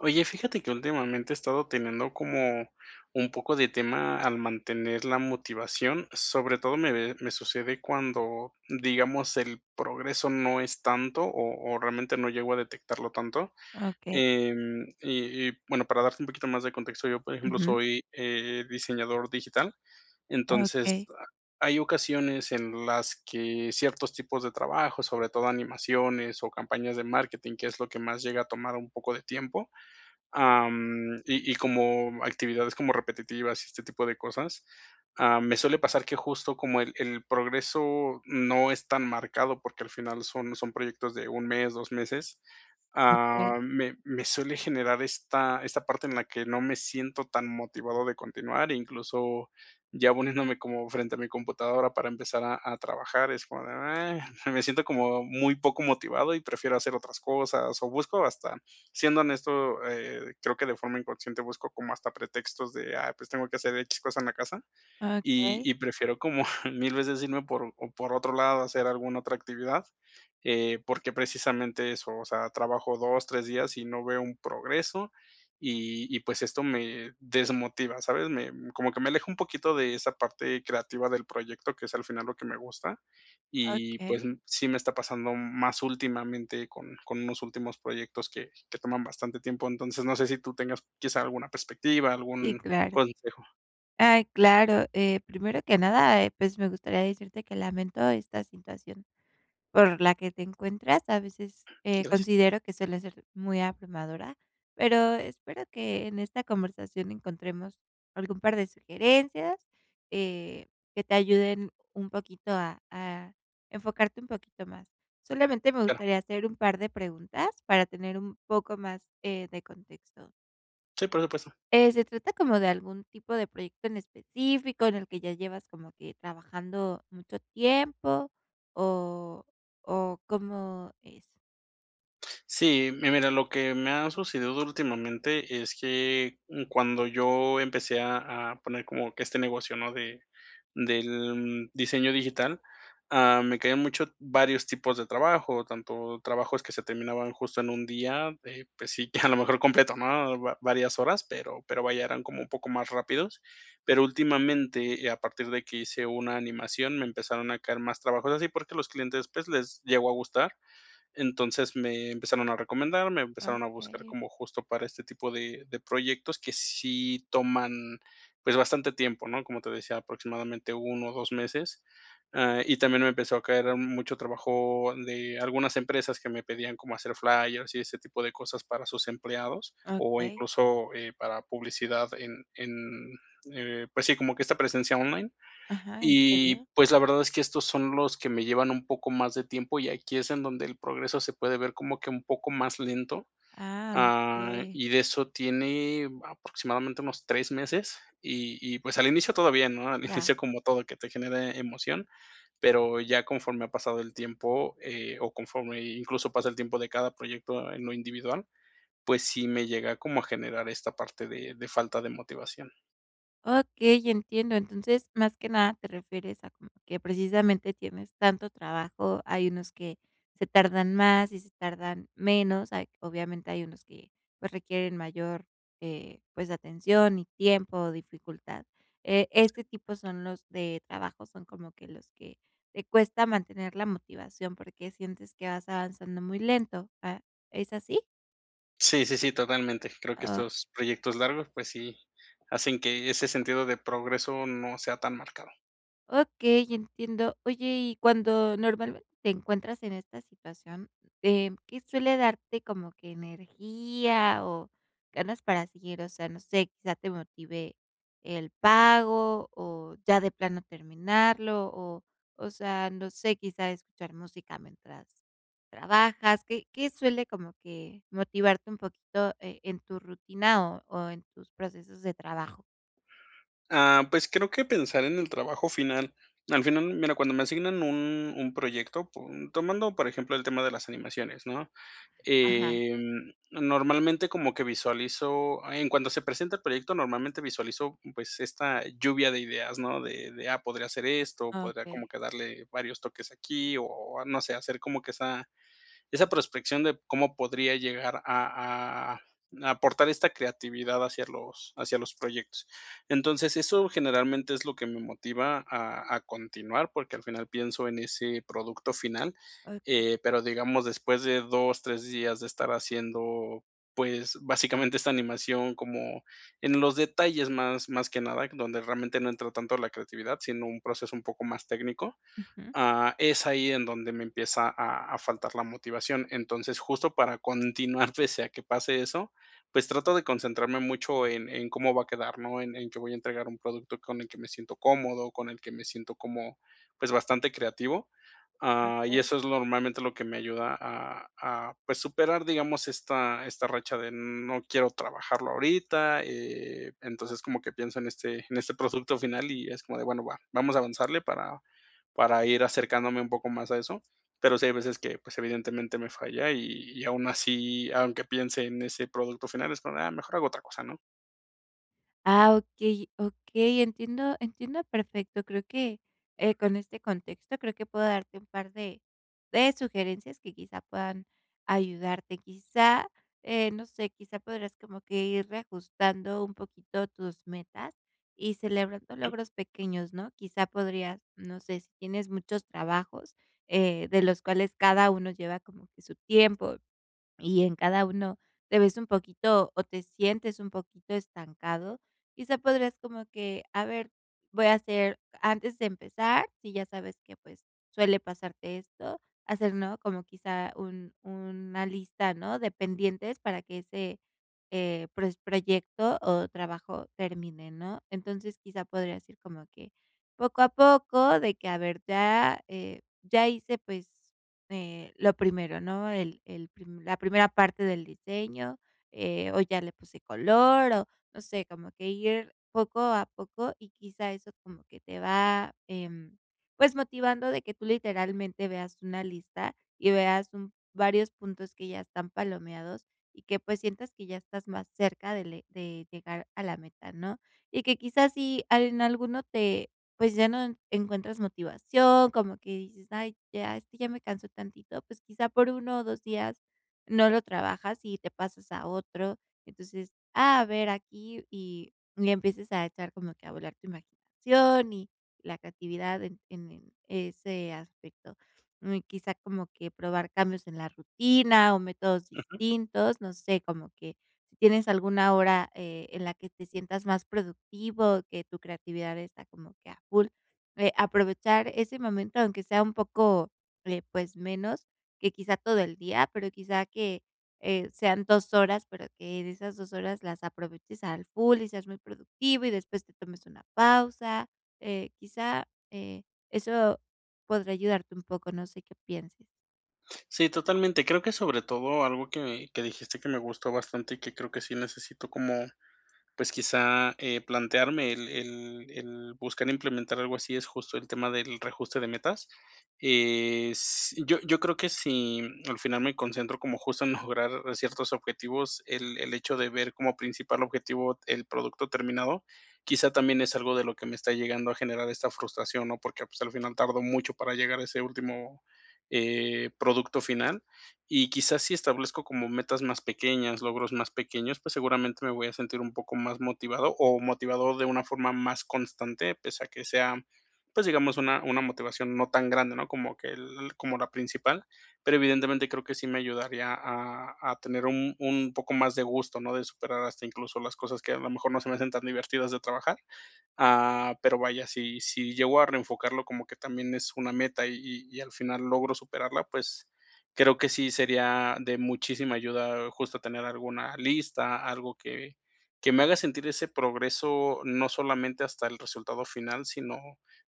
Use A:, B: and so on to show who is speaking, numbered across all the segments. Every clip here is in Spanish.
A: Oye, fíjate que últimamente, he estado teniendo como un poco de tema al mantener la motivación, sobre todo me, eh, me sucede cuando, digamos, el progreso no es tanto, o o realmente no llego a detectarlo tanto.
B: Okey.
A: Em, y y bueno, para darte un poquito más de contexto, yo, por ejemplo,
B: Ujú.
A: soy, eh, diseñador digital. Entonces,
B: Okey.
A: ha hay ocasiones en las que ciertos tipos de trabajos, sobre todo animaciones o campañas de marketing, que es lo que más llega a tomar un poco de tiempo, am, y y como actividades como repetitivas y este tipo de cosas, am, me suele pasar que, justo, como el el progreso no es tan marcado, porque, al final, son son proyectos de un mes, dos meses,
B: Okey.
A: ah me me suele generar esta esta parte en la que no me siento tan motivado de continuar. Incluso ya poniéndome como frente a mi computadora para empezar a a trabajar es como de: "ah". me siento como muy poco motivado y prefiero hacer otras cosas, o busco hasta siendo honesto, eh, creo que, de forma inconsciente, busco como hasta pretextos de: "Ah, pues, tengo que hacer X cosa en la casa". Y
B: Okey.
A: y prefiero como 1000 veces irme por o por otro lado, hacer alguna otra actividad. Eh, porque, precisamente, eso, o sea, trabajo 2, 3 días y no veo un progreso, y y, pues, esto me desmotiva, ¿sabes? Me como que me aleja un poquito de esa parte creativa del proyecto, que es al final lo que me gusta, y,
B: Okey.
A: pues, sí me está pasando más últimamente con con unos últimos proyectos que que toman bastante tiempo. Entonces, no sé si tú tengas, quizá, alguna perspectiva,
B: Y,
A: algún
B: claro.
A: consejo.
B: Ay, claro. Eh, primero que nada, eh, pues, me gustaría decirte que lamento esta situación por la que te encuentras. A veces, eh,
A: Gracias.
B: considero que suele ser muy abrumadora. Pero espero que en esta conversación encontremos algún par de sugerencias, eh, que te ayuden un poquito a a enfocarte un poquito más. Solamente me
A: Claro.
B: gustaría hacer un par de preguntas para tener un poco más, eh, de contexto.
A: Sí, por supuesto.
B: Eh, ¿se trata como de algún tipo de proyecto en específico, en el que ya llevas como que, trabajando mucho tiempo o o cómo es?
A: Sí, mi mira, lo que me ha sucedido últimamente es que, mm, cuando yo empecé a a poner como que este negocio, ¿no? De del diseño digital, ah, me quedé mucho varios tipos de trabajo, tanto trabajos que se terminaban justo en 1 día, eh, pues sí, que a lo mejor completo, ¿no?, va varias horas, pero pero, vaya, eran como un poco más rápidos. Pero últimamente, eh, a partir de que hice una animación, me empezaron a caer más trabajos así, porque los clientes, pues, les llegó a gustar. Entonces, me empezaron a recomendar, me empezaron a buscar
B: Okey.
A: como justo para este tipo de de proyectos que sí toman, pues, bastante tiempo, ¿no? Como te decía, aproximadamente 1 o 2 meses, ah, y también me empezó a caer mucho trabajo de algunas empresas que me pedían como hacer flyers y ese tipo de cosas para sus empleados, o
B: Okey.
A: incluso, eh, para publicidad en en, eh, pues sí, como que esta presencia online.
B: Ajá, entiendo.
A: Y, pues, la verdad es que estos son los que me llevan un poco más de tiempo, y aquí es en donde el progreso se puede ver como que un poco más lento,
B: Ah,
A: ah,
B: okey.
A: y de eso tiene aproximadamente unos 3 meses, y y pues al inicio todo bien, ¿no? Al
B: Ya.
A: inicio, como todo que te genere emoción, pero ya conforme ha pasado el tiempo, eh, o conforme incluso pasa el tiempo de cada proyecto en lo individual, pues sí me llega como a generar esta parte de de falta de motivación.
B: Okey, entiendo. Entonces, más que nada, te refieres a como que precisamente tienes tanto trabajo. Hay unos que se tardan más y se tardan menos. Hay obviamente, hay unos que, pues, requieren mayor, eh, pues, atención y tiempo, dificultad, eh, este
A: Sí.
B: tipo son los de trabajos son como que los que te cuesta mantener la motivación, porque sientes que vas avanzando muy lento, ah, ¿es así?
A: Sí, sí, sí, totalmente. Creo que
B: Ah.
A: estos proyectos largos, pues sí, hacen que ese sentido de progreso no sea tan marcado.
B: Ok, entiendo. Oye y cuando normalmente te encuentras en esta situación, em, ¿qué suele darte como que energía o ganas para seguir? O sea, no sé, quizá te motive el pago o ya de plano terminarlo o o sea, no sé, quizá escuchar música mientras trabajas, ¿qué qué suele como que motivarte un poquito, eh, en tu rutina o o en tus procesos de trabajo?
A: Ah, pues creo que pensar en el trabajo final. Al final, mira, cuando me asignan un un proyecto po tomando, por ejemplo el tema de las animaciones, ¿no?,
B: Ajá.
A: em, normalmente como que visualizo en cuanto se presenta el proyecto, normalmente visualizo, pues, esta lluvia de ideas, ¿no? De de: "Ah, podría hacer esto, podría como
B: Okey.
A: que darle varios toques aquí". O o, no sé, hacer como que esa esa prospección de cómo podría llegar a a a a aportar esta creatividad hacia los hacia los proyectos. Entonces, eso generalmente es lo que me motiva a a continuar, porque al final pienso en ese producto final.
B: Okey.
A: Eh, pero digamos, después de 2 3 días de estar haciendo, pues, básicamente esta animación como en los detalles más más que nada, donde realmente no entra tanto la creatividad, sino un proceso un poco más técnico,
B: Ujú.
A: ah, es ahí en donde me empieza a a faltar la motivación. Entonces, justo para continuar, pese a que pase eso, pues trato de concentrarme mucho en en cómo va a quedar, ¿no? En en que voy a entregar un producto con el que me siento cómodo, con el que me siento como, pues bastante creativo, ah, y
B: Okey.
A: eso es lo normalmente lo que me ayuda a a, pues, superar, digamos, esta esta racha de: "No quiero trabajarlo ahorita". Eh, entonces, como que pienso en este en este producto final y es como de: "Bueno, va. Vamos a avanzarle para para ir acercándome un poco más a eso". Pero sí hay veces que, pues, evidentemente me falla y y aún así, aunque piense en ese producto final, es como de: "Ah, mejor hago otra cosa", ¿no?
B: Ah, okey, okey, entiendo, entiendo perfecto, creo que, eh, con este contexto creo que puedo darte un par de, de sugerencias que, quizá, puedan ayudarte. Quizá, eh, no sé, quizá podrás como que ir reajustando un poquito tus metas y celebrando
A: Ujú.
B: logros pequeños, ¿no? Quizá podrías, no sé, si tienes muchos trabajos, eh, de los cuales cada uno lleva como que su tiempo, y en cada uno te ves un poquito o te sientes un poquito estancado. Quizá podrías como que a ver, voy a hacer antes de empezar, si ya sabes que, pues, suele pasarte esto, hacer, ¿no?, como quizá un una lista ¿no?, de pendientes para que ese, eh, pues, proyecto o trabajo termine, ¿no? Entonces, quizá podrías ir como que poco a poco, de que a ver, ya, eh, ya hice, pues, eh, lo primero, ¿no? El el prim la primera parte del diseño, eh, o ya le puse color, o no sé, como que ir poco a poco. Y, quizá, eso como que te va, em, pues, motivando de que tú literalmente veas una lista, y veas un varios puntos que ya están palomeados, y que, pues, sientas que ya estás más cerca de llegar a la meta, ¿no? Y que quizás si en alguno te pues, ya no encuentras motivación, como que dices: "Ay ya, este ya me cansó tantito", pues, quizá, por 1 o 2 días no lo trabajas y te pasas a otro. Entonces, a ver aquí, y le empiezas a echar como que a volar tu imaginación y la creatividad en en ese aspecto. Um, quizá como que probar cambios en la rutina o métodos
A: Ujú.
B: distintos, no sé, como que, si tienes alguna hora, eh, en la que te sientas más productivo, que tu creatividad está como que a full, eh, aprovechar ese momento aunque sea un poco eh, pues menos que quizá todo el día, pero quizá que eh, sean 2 horas, pero que de esas 2 horas las aproveches al full y seas muy productivo, y después te tomes una pausa, eh, quizá, eh, eso podría ayudarte un poco, no sé, qué pienses.
A: Sí, totalmente. Creo que sobre todo algo que que dijiste, que me gustó bastante y que creo que sí necesito como, pues, quizá, eh, plantearme, el el el buscar implementar algo así, es justo el tema del reajuste de metas. Eh, s yo yo creo que, si al final me concentro como, justo, en mejorar ciertos objetivos, el el hecho de ver como principal objetivo el producto terminado, quizá, también es algo de lo que me está llegando a generar esta frustración, ¿no? Porque, pues, al final, tardo mucho para llegar a ese último, eh, producto final. Y, quizás, si establezco como metas más pequeñas, logros más pequeños, pues, seguramente, me voy a sentir un poco más motivado o motivado de una forma más constante pese a que sea, pues, digamos, una una motivación no tan grande, ¿no?, como que el como la principal. Pero, evidentemente, creo que sí me ayudaría a a tener un un poco más de gusto, ¿no? De superar hasta, incluso, las cosas que, a lo mejor, no se me hacen tan divertidas de trabajar. Ah, pero vaya, si si llego a reenfocarlo, como que también es una meta, y y al final logro superarla. Pues, creo que sí sería de muchísima ayuda, justo, tener alguna lista, algo que que me haga sentir ese progreso, no solamente hasta el resultado final, sino,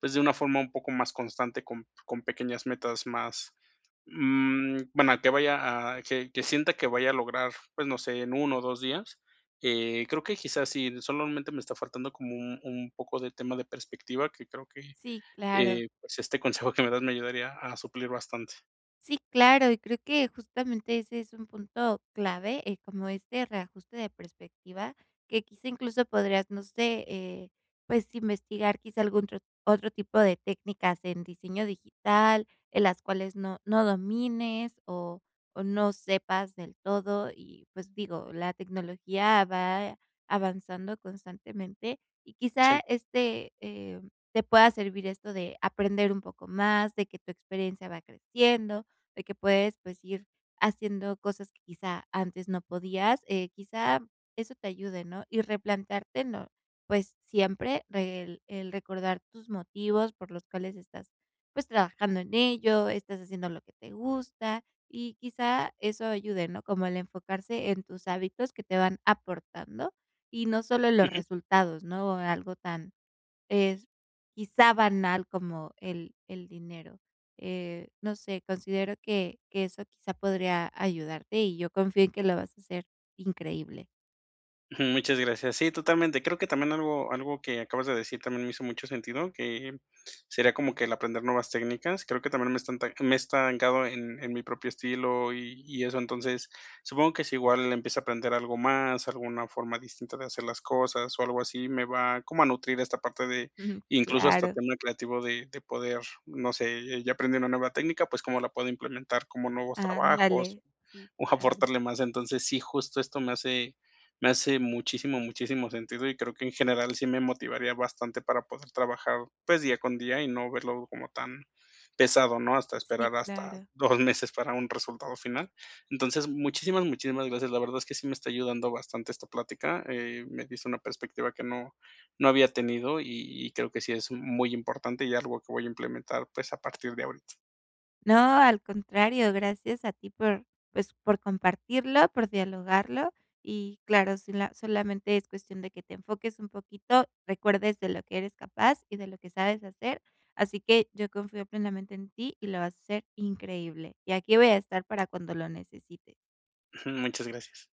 A: pues, de una forma un poco más constante, con con pequeñas metas más, mm, bueno, que vaya a que que sienta que vaya a lograr, pues, no sé, en 1 o 2 días. Eh, creo que, quizás, sí, solamente, me está faltando como un un poco de tema de perspectiva, que creo que,
B: Sí, claro.
A: eh, pues este consejo que me das, me ayudaría a suplir bastante.
B: Sí, claro, y creo que, justamente, ese es un punto clave. Eh, como este reajuste de perspectiva, que quizá incluso podrías, no sé, eh, pues, investigar, quizá, algún tro otro tipo de técnicas en diseño digital, en las cuales no no domines o o no sepas del todo. Y, pues, digo, la tecnología va avanzando constantemente y, quizá,
A: Sí.
B: este, em, te pueda servir esto de aprender un poco más, de que tu experiencia va creciendo, de que puedes, pues, ir haciendo cosas que, quizá, antes no podías, eh, quizá, eso te ayude, ¿no? Y replantearte, ¿no?, pues, siempre re el el recordar tus motivos, por los cuales estás, pues, trabajando en ello, estás haciendo lo que te gusta, y, quizá, eso ayude, ¿no? Como el enfocarse en tus hábitos que te van aportando, y no solo en los
A: Ujú.
B: resultados, ¿no?, algo tan es, quizá, banal como el el dinero. Eh, no sé, considero que que eso, quizá podría ayudarte. Y yo confío en que lo vas a hacer increíble.
A: Mm, muchas gracias. Sí, totalmente. Creo que también algo algo que acabas de decir también me hizo mucho sentido, que sería como que el aprender nuevas técnicas. Creo que también me estan te me he esta me he estancado en en mi propio estilo y y eso, entonces, supongo que sí igual empieza a aprender algo más, alguna forma distinta de hacer las cosas o algo así, me va como a nutrir esta parte de
B: Ujú.
A: incluso hasta
B: Claro.
A: tema creativo de de poder, no sé, ya aprendí una nueva técnica, pues, ¿cómo la puedo implementar? ¿Cómo nuevos trabajos?
B: Andale, sí.
A: O
B: Claro.
A: aportarle más. Entonces, sí, justo esto me hace me hace muchísimo, muchísimo sentido, y creo que en general sí me motivaría bastante para poder trabajar, pues, día con día y no verlo como tan pesado, ¿no? Hasta
B: Sí,
A: esperar hasta
B: claro.
A: 2 meses para un resultado final. Entonces, muchísimas, muchísimas gracias. La verdad es que sí me está ayudando bastante esta plática. Eh, me dice una perspectiva que no no había tenido y y creo que sí es muy importante y algo que voy a implementar, pues a partir de ahorita.
B: No, al contrario, gracias a ti por, pues, por compartirlo, por dialogarlo. Y claro, sí la solamente es cuestión de que te enfoques un poquito, recuerdes de lo que eres capaz y de lo que sabes hacer, así que yo confío plenamente en ti y lo vas a hacer increíble. Y aquí voy a estar para cuando lo necesites.
A: Muchas gracias.